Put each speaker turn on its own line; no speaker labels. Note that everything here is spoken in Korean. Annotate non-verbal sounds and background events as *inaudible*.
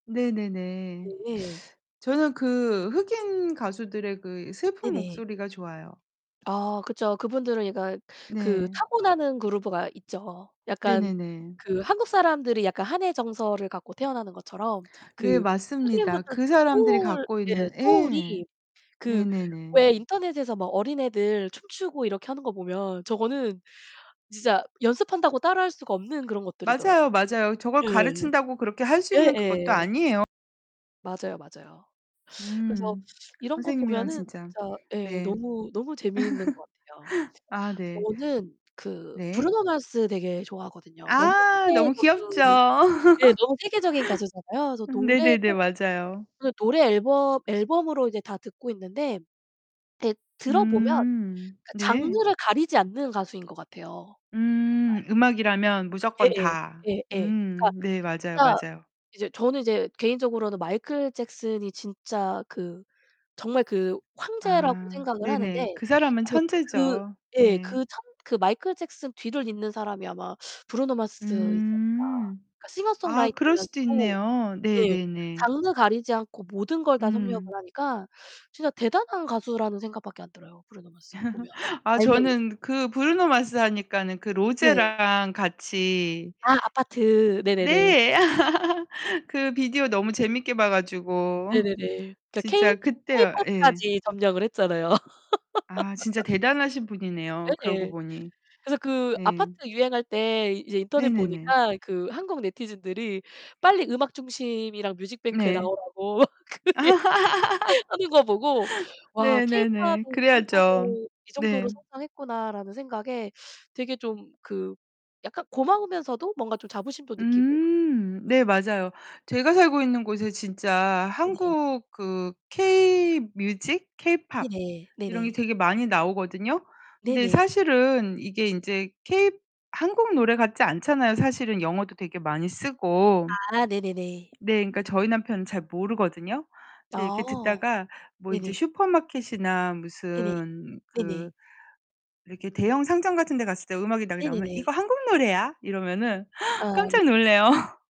네네네.
네.
저는 그 흑인 가수들의 그 슬픈
네네.
목소리가 좋아요.
아 그쵸. 그분들은 약간 그
네.
타고나는 그루브가 있죠. 약간
네네네.
그 한국 사람들이 약간 한의 정서를 갖고 태어나는 것처럼
네,
그
맞습니다.
흑인분들도
그
그
사람들이
소울
갖고
예
있는 예.
소울이 그
네네네.
왜 인터넷에서 막 어린애들 춤추고 이렇게 하는 거 보면 저거는 진짜 연습한다고 따라 할 수가 없는 그런 것들이더라고요.
맞아요, 맞아요. 저걸
예.
가르친다고 그렇게 할 수 있는 그것도
예예.
아니에요.
맞아요, 맞아요. 그래서
음,
이런 거
선생님이랑
보면은
진짜.
진짜 예
네.
너무 너무 재미있는 것 같아요.
*laughs* 아 네.
저는 그
네.
브루노 마스 되게 좋아하거든요. 너무
아, 너무 귀엽죠.
세계적인 예 너무 세계적인 가수잖아요.
*laughs*
그래서
네네네.
노래도
맞아요.
노래 앨범 앨범으로 이제 다 듣고 있는데 *unintelligible* 들어보면 그러니까
음 네.
장르를 가리지 않는 가수인 것 같아요. 정말.
음, 음악이라면 무조건
예예
다
예 예. 그러니까
음, 네, 맞아요.
진짜
맞아요.
이제 저는 인제 개인적으로는 마이클 잭슨이 진짜 그 정말 그 황제라고
아,
생각을
네네.
하는데,
그 사람은
아마 그
천재죠.
예
네.
그 참 마이클 잭슨 뒤를 잇는 사람이 아마 브루노 마스이지 않을까.
음 그럴 수도
싱어송라이터면서도
있네요.
예
네네네.
장르 가리지 않고 모든 걸 다 섭렵을
음.
하니까 진짜 대단한 가수라는 생각밖에 안 들어요. 브루노 마스 보면.
*laughs* 아
알면은.
저는 그 브루노 마스 하니까는 그
네네.
로제랑 같이
아, 아파트. 네네네.
...네, *laughs* 그 비디오 너무 재밌게 봐가지고
네네네.
진짜
케이
그때요 예.
케이팝까지 점령을 했잖아요.
아, 진짜
*laughs*
대단하신 분이네요. 그러고
예예.
보니.
그래서 그 아파트
네.
유행할 때 이제 인터넷
네네네.
보니까 그 한국 네티즌들이 빨리 음악 중심이랑 뮤직뱅크에
네.
나오라고 *laughs* 하는 거 보고
*laughs*
와 케이팝이
네네네.
이
그래야죠.
정도로 이 정도로
네.
성장했구나라는 생각에 되게 좀 그 약간 고마우면서도 뭔가 좀 자부심도 느끼고요.
음, 네 맞아요. 제가 살고 있는 곳에 진짜
네네.
한국 그 케이 뮤직? 케이팝
네네
이런 게
네네.
되게 많이 나오거든요? 근데
네네.
사실은 이게 인제 케이 한국 노래 같지 않잖아요. 사실은 영어도 되게 많이 쓰고.
아 네네네.
네, 그러니까 저희 남편은 잘 모르거든요? 그런데 이렇게
아
듣다가 뭐 이제
네네.
슈퍼마켓이나
네네
무슨 그
네네.
이렇게 대형 상점 같은데 갔을 때 음악이 나오면
네네네.
"이거 한국 노래야?" 이러면은
아
*gasps*
네.
깜짝 놀래요.